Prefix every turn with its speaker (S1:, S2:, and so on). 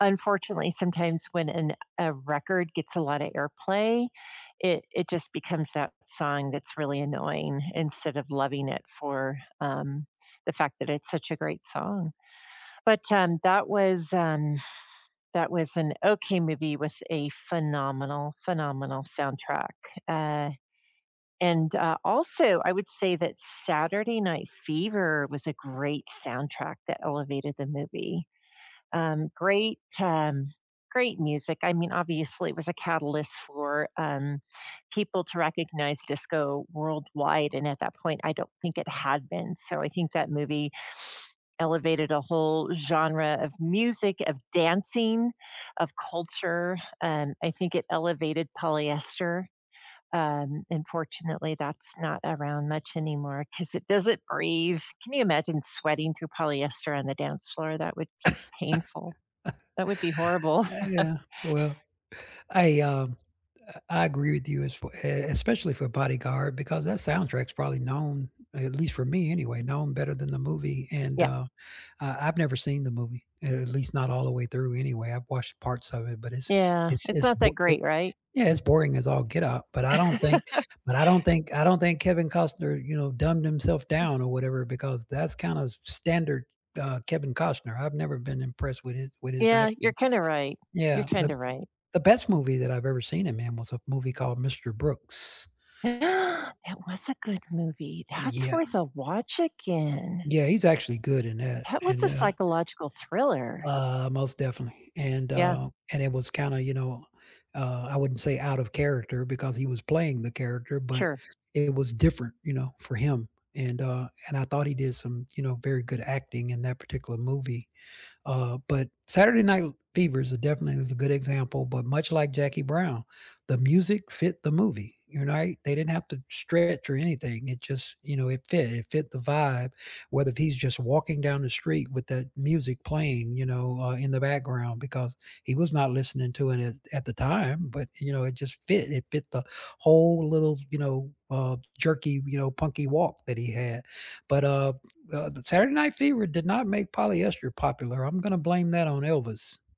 S1: Unfortunately, sometimes when an a record gets a lotta airplay, it it just becomes that song that's really annoying instead of loving it for, um, the fact that it's such a great song. But, um, that was an that was an okay movie with a phenomenal, phenomenal soundtrack. Uh, and, uh, also, I would say that Saturday Night Fever was a great soundtrack that elevated the movie. Um, great, um, great music, I mean, obviously, it was a catalyst for, um, people to recognize disco worldwide, and at that point, I don't think it had been, so, I think that movie elevated a whole genre of music, of dancing, of culture. Um, I think it elevated polyester. Um, unfortunately, that's not around much anymore 'cause it doesn't breathe. Can you imagine sweating through polyester on the dance floor? That would be painful. That would be horrible.
S2: Ah, yeah, well, I, um, a I agree with you as f e es especially for Bodyguard because that soundtrack is probably known, at least for me anyway, known better than the movie and,
S1: Yeah.
S2: uh, I I've never seen the movie, a at least not all the way through anyway, I've watched parts of it, but it's
S1: Yeah.
S2: it's
S1: It's
S2: it's
S1: not
S2: bo
S1: that
S2: it
S1: great, right?
S2: yeah, it's boring as all get up, but I don't think but I don't think I don't think Kevin Costner, you know, dumbed himself
S1: Mm.
S2: down or whatever because that's kinda s standard, uh, Kevin Costner, I've never been impressed with his with his
S1: Yeah, you're
S2: acting.
S1: kinda right. You're
S2: Yeah. The b
S1: kinda right.
S2: the best movie that I've ever seen in man was a movie called Mr. Brooks.
S1: It
S2: Uh.
S1: was a good movie, that's
S2: Yeah.
S1: worth a watch again!
S2: Yeah, he's actually good in that
S1: That was
S2: and,
S1: a
S2: uh
S1: psychological thriller.
S2: uh, most definitely and,
S1: Yeah.
S2: uh and it was kinda, you know, uh, I wouldn't say out of character because he was playing the character but
S1: Sure.
S2: it was different, you know, for him. And, uh, and I thought he did some, you know, very good acting in that particular movie. Uh, but Saturday Night l Fever is a definitely was a good example, but much like Jackie Brown, the music fit the movie, you're not they didn't have to stretch or anything, it just, you know, it fit, it fit the vibe, whether he's just walking down the street with that music playing, you know, uh, in the background because he was not listening to it, eh, at the time, but, you know, it just fit, it fit the whole little, you know, uh, jerky, you know, punky walk that he had. But, uh, uh, the Saturday Night Fever did not make polyester popular. I'm gonna blame that on Elvis.